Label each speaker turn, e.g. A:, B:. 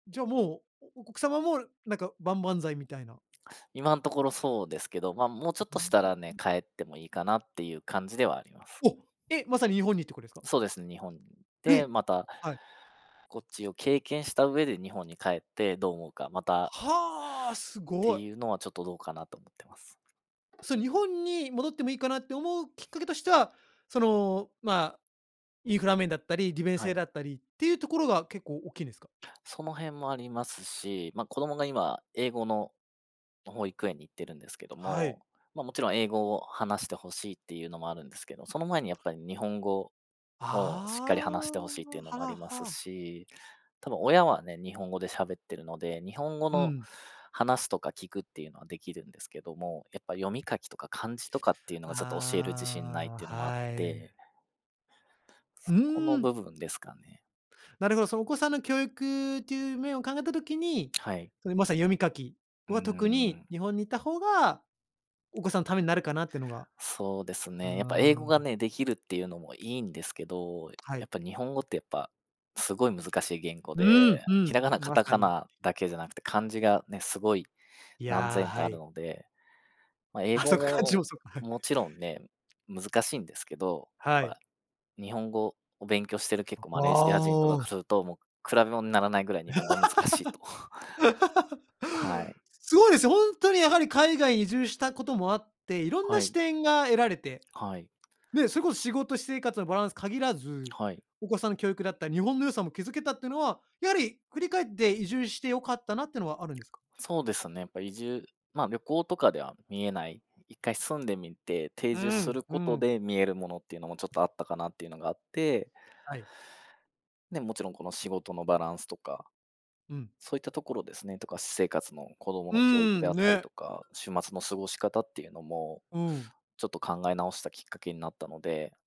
A: じゃあ、もう、お奥様も、なんか、万々歳みたいな。
B: 今んところそうですけど、まあ、もうちょっ
A: うー
B: としたらね、
A: ん。
B: 帰ってもいいかなっていう感じではあります。
A: お、え、まさに日本にとこですか？
B: そうですね、日本に。
A: え、
B: で、また、
A: はい。
B: こっちを経験した上で日本に帰ってどう思うか、また
A: はあ、す
B: て
A: ごい。
B: いうのは、ちょっとどうかなと思ってます。
A: それ日本に戻ってもいいかなって思うきっかけとしては、その、ま、インフラ面だったり、利便
B: は
A: 性
B: い。
A: だったりっていうところが結構大っきいんですか？
B: その辺もありますし、ま、子供が今、英語の保育園に行ってるんですけど
A: は
B: も、
A: い。
B: ま、もちろん英語を話して欲しいっていうのもあるんですけど、その前にやっぱり日本語をしっかり話し
A: あ
B: て
A: あ、
B: 欲しいっていうのもあ
A: はあ
B: ります
A: はあ。
B: し、多分親はね、日本語で喋ってるので、日本語
A: う
B: の
A: ん。
B: 話すとか聞くっていうのはできるんですけども、やっぱ読み書きとか漢字とかっていうのがちょっと教える自信ないっ
A: あ
B: ていう
A: あ、
B: のもあっ
A: はい。
B: て。
A: う
B: そこ
A: ー
B: の
A: ん。
B: 部分ですかね。
A: なるほど、そのお子さんの教育という面を考えた時に、
B: はい。
A: その、まさに読み書き
B: うー
A: は特に
B: ん。
A: 日本にいた方がお子さんのためになるかなっていうのが。
B: そうですね、やっぱ英語
A: あ
B: が
A: あ。
B: ね、できるっていうのもいいんですけど、
A: は
B: や
A: い。
B: っぱ日本語ってやっぱ、すごい難しい言語
A: う
B: で、
A: んう
B: ひ
A: ん、
B: らがな、カ
A: ま
B: タ
A: さ
B: カ
A: に。
B: ナだけじゃなくて、漢字がね、すごい
A: い
B: 何
A: や、
B: 千と
A: は
B: ある
A: い。
B: ので、まあ、英
A: あ、そ
B: 語
A: っか、漢字も
B: も
A: そっか。はい。
B: もちろんね、難しいんですけど、やっ
A: はい。
B: ぱ、日本語を勉強してる結構
A: あ、
B: マレーシア人と
A: あ
B: か
A: あ。
B: からすると、もう比べもんならないぐらい日 本語は難しいと。はい。
A: すごいですよ、ほんとにやはり海外に移住したこともあって、いろん
B: は
A: な視
B: い。
A: 点が得られて、
B: はい。
A: ね、それこそ仕事私生活のバランス限らず、
B: はい。
A: お子さん教育だった日本の良さも気付けたっていうのは、やはり振り返って移住して良かったなってのはあるんですか？
B: そうですね、やっぱ移住まあ、旅行とかでは見えない、一回住んでみて、定
A: う
B: 住す
A: ん、
B: る
A: う
B: こと
A: ん。
B: で見えるものっていうのもちょっとあったかなっていうのがあって
A: はい。
B: ね、もちろんこの仕事のバランスとか、
A: うん。
B: そういったところですね、とか私生活の子供
A: うー
B: の教育で
A: ん、
B: あったり
A: ね。
B: とか、週末の過ごし方っていうのも、
A: うん。
B: ちょっと考え直したきっかけになったので。